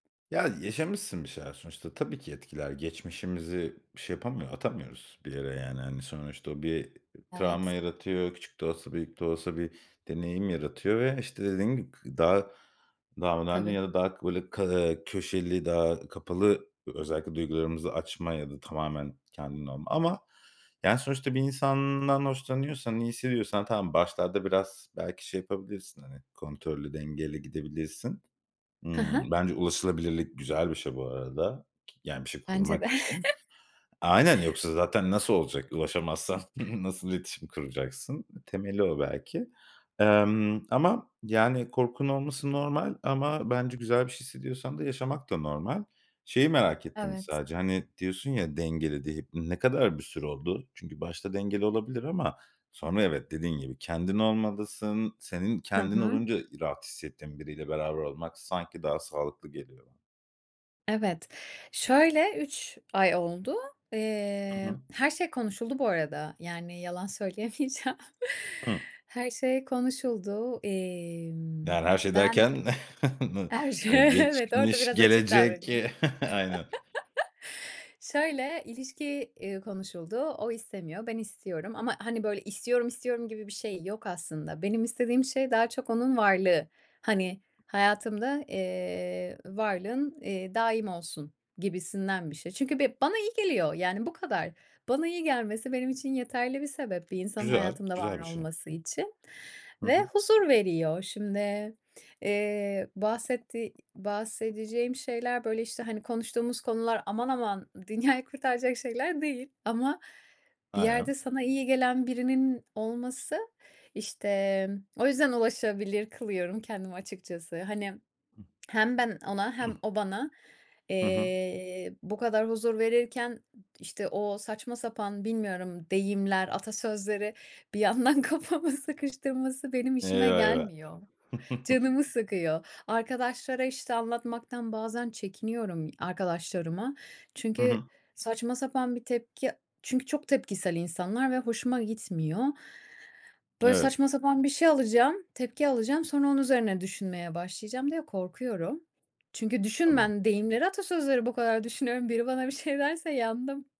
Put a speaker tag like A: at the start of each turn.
A: Ya, yaşamışsın bir şeyler sonuçta. Tabii ki etkiler. Geçmişimizi şey yapamıyo atamıyoruz bir yere, yani, hani, sonuçta. O bir travma
B: Evet.
A: yaratıyor. Küçük de olsa, büyük de olsa bir deneyim yaratıyor ve, işte, dediğim gibi, k daha daha önemli
B: Tabii.
A: ya da daha k böyle, köşeli, daha kapalı ö özellikle duygularımızı açmaya ya da tamamen kendinle olma Ama yani, sonuçta bir insandan hoşlanıyorsan, iyi hissediyorsan, tamam, başlarda biraz belki şey yapabilirsin, hani, kontrollü, dengeli gidebilirsin.
B: Hı
A: Iıı,
B: hı.
A: bence ulaşılabilirlik güzel bir şey bu arada, yani, bir şey
B: Bence
A: kurmak
B: de.
A: için Aynen, yoksa zaten nasıl olacak? Ulaşamazsan nasıl iletişim kuracaksın? Temeli o belki. Emm, ama, yani, korkunun olması normal ama, bence, güzel bir şey hissediyorsan da yaşamak da normal. Şeyi merak ettim
B: Evet.
A: sadece, hani, diyorsun ya "dengeli." [unintelligible] Ne kadar bir süre oldu? Çünkü başta dengeli olabilir ama sonra, evet, dediğin gibi, kendin olmalısın. Senin
B: Hı
A: kendin
B: hı.
A: olunca ı rahat hissettiğin biriyle beraber olmak sanki daha sağlıklı geliyor bana.
B: Evet, şöyle: 3 ay oldu.
A: Hı
B: Eee,
A: hı.
B: her şey konuşuldu bu arada, yani, yalan söyleyemeyeceğim.
A: Hıı.
B: Her şey konuşuldu. Emm,
A: Yani, her şey
B: ben
A: derken? N
B: her şey
A: hani,
B: Evet, orada
A: geçmiş,
B: biraz açık
A: gelecek
B: davranayım.
A: Aynen.
B: Şöyle: İlişki, eee, konuşuldu. O istemiyor, ben istiyorum ama, hani, böyle "İstiyorum, istiyorum!" gibi bir şey yok aslında. Benim istediğim şey daha çok onun varlığı. Hani, hayatımda, eee, varlığın, eee, daim olsun gibisinden bir şey. Çünkü be bana iyi geliyor, yani, bu kadar. Bana iyi gelmesi benim için yeterli bir sebep bir insanın
A: Güzel,
B: hayatımda var
A: güzel bir şey.
B: olması için
A: Hı
B: ve
A: hı.
B: huzur veriyor. Şimdi, eee, bahsettiği bahsedeceğim şeyler, böyle, işte, hani konuştuğumuz konular aman aman dünyayı kurtaracak şeyler değil ama bir
A: Aynen.
B: yerde sana iyi gelen birinin olması işte, o yüzden ulaşılır kılıyorum kendimi açıkçası. Hani,
A: Hıh.
B: hem ben ona hem o bana,
A: Hı hı.
B: eee, bu kadar huzur verirken, işte, o saçma sapan, bilmiyorum, deyimler, atasözleri bir yandan kafamı sıkıştırması benim işime
A: Eyvah eyvah!
B: gelmiyor, canımı sıkıyor. Arkadaşlara, işte, anlatmaktan bazen çekiniyorum, arkadaşlarıma.
A: Hı
B: Çünkü
A: hı.
B: saçma sapan bir tepki Çünkü çok tepkisel insanlar ve hoşuma gitmiyor. Böyle,
A: Evet.
B: saçma sapan bir şey alacağım, tepki alacağım, sonra onun üzerine düşünmeye başlayacağım diye korkuyorum. Çünkü düşün
A: Tamam.
B: Ben deyimleri, atasözlerini bu kadar düşünüyorum, biri bana bir şey derse yandım.